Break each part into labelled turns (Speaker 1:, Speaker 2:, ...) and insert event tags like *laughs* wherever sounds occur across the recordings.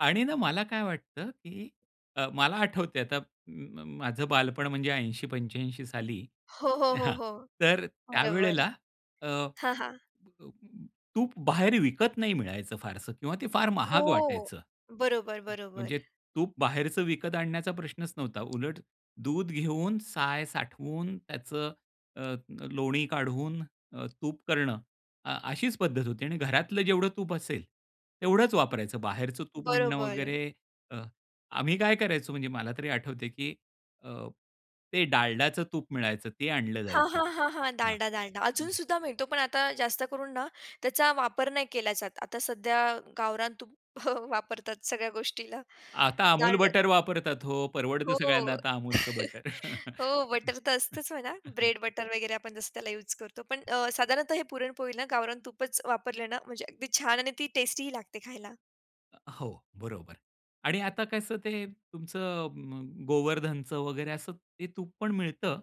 Speaker 1: आणि ना मला काय वाटतं, की अ, मला आठवतंय आता म म माझं बालपण, म्हणजे 80-85 साली
Speaker 2: हो, हो, हो,
Speaker 1: हां,
Speaker 2: हो.
Speaker 1: तर
Speaker 2: बरोबर.
Speaker 1: त्यावेळेला अ,
Speaker 2: हां, हां.
Speaker 1: तूप बाहेर विकत नाही मिळायचं फारसं किंवा ते फार
Speaker 2: हो.
Speaker 1: महाग वाटायचं,
Speaker 2: बरोबर,
Speaker 1: म
Speaker 2: बरोबर.
Speaker 1: म्हणजे तूप बाहेरचं विकत आणण्याचा प्रश्नच नव्हता. उलट दूध घेऊन साय साठवून त्याचं अ, अ, लोणी काढून अ, तूप करणं अ, अशीच पद्धत होती आणि घरातलं जेवढं तूप असेल, तेवढच वापरायचं. बाहेरचं तूप आणणं
Speaker 2: बरोबर.
Speaker 1: वगैरे अ, आम्ही काय करायचो, म्हणजे मला तरी आठवतंय की अ, ते डालडाचं तूप मिळायचं ते आणलं
Speaker 2: हां,
Speaker 1: जायचं.
Speaker 2: हां, हां, हां,
Speaker 1: हां.
Speaker 2: डालडा, डालडा
Speaker 1: हं.
Speaker 2: अजूनसुद्धा मिळतो, पण आता जास्त करून ना, त्याचा वापर नाही केला जात. आता सध्या गावरान तूप *chuckles* वापरतात सगळ्या गोष्टीला.
Speaker 1: आता अमूल
Speaker 2: डालडा
Speaker 1: बटर वापरतात हो, परवडतं
Speaker 2: हो.
Speaker 1: सगळ्यांना आता अमूलचं
Speaker 2: *laughs*
Speaker 1: बटर.
Speaker 2: हो, बटर तर असतच म्हणा,
Speaker 1: *laughs*
Speaker 2: ब्रेड बटर वगैरे आपण जसं त्याला युज करतो, पण अ, साधारणतः हे पुरणपोळीला गावरान तूपच वापरलं ना, म्हणजे अगदी छान आणि ती टेस्टीही लागते खायला.
Speaker 1: अ, हो, बरोबर आणि आता कसं ते तुमचं म गोवर्धनचं वगैरे असं ते तूप पण मिळतं.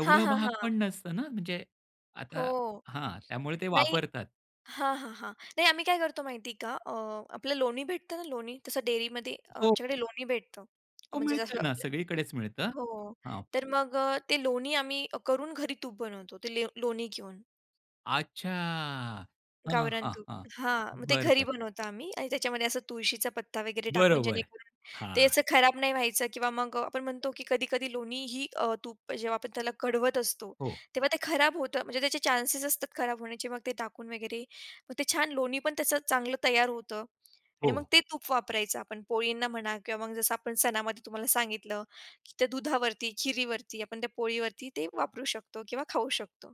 Speaker 2: हां, हां,
Speaker 1: महाग पण
Speaker 2: हां.
Speaker 1: नसतं ना, म्हणजे
Speaker 2: हो,
Speaker 1: आता हां, त्यामुळे ते
Speaker 2: नाही.
Speaker 1: वापरतात.
Speaker 2: हां, हां, हां, नाही. आम्ही काय करतो माहितीये का? अ, आपलं लोणी भेटतं ना लोणी, तसं डेअरीमध्ये
Speaker 1: हो.
Speaker 2: आमच्याकडे लोणी भेटतं.
Speaker 1: हो,
Speaker 2: म्हणजे जसं
Speaker 1: मिळतंय ना,
Speaker 2: आपलं
Speaker 1: सगळीकडेच मिळतं.
Speaker 2: हो,
Speaker 1: हां.
Speaker 2: तर मग अ, ते लोणी आम्ही करून घरी तूप बनवतो ते ले लोणी घेऊन.
Speaker 1: अच्छा. हां,
Speaker 2: गावरान
Speaker 1: हां,
Speaker 2: तूप,
Speaker 1: हां.
Speaker 2: हां, मग ते
Speaker 1: बरं,
Speaker 2: घरी
Speaker 1: बरं.
Speaker 2: बनवतो आम्ही आणि त्याच्यामध्ये असा तुळशीचा पत्ता वगैरे टाकून,
Speaker 1: बरोबर.
Speaker 2: जेणेकरून ते
Speaker 1: हां.
Speaker 2: असं खराब नाही व्हायचं किंवा मग आपण म्हणतो, की कधी-कधी लोणी ही अ, तूप जेव्हा आपण त्याला कढवत असतो,
Speaker 1: हो.
Speaker 2: तेव्हा ते खराब होतं, म्हणजे त्याचे चांसेस असतात खराब होण्याचे, मग ते टाकून वगैरे मग ते छान लोणी पण त्याचं चांगलं तयार होतं आणि मग
Speaker 1: हो.
Speaker 2: ते तूप वापरायचं आपण पोळींना म्हणा किंवा मग जसं आपण सणामध्ये तुम्हाला सांगितलं, की त्या दुधावरती, खिरीवरती आपण त्या पोळीवरती ते वापरू शकतो किंवा खाऊ शकतो.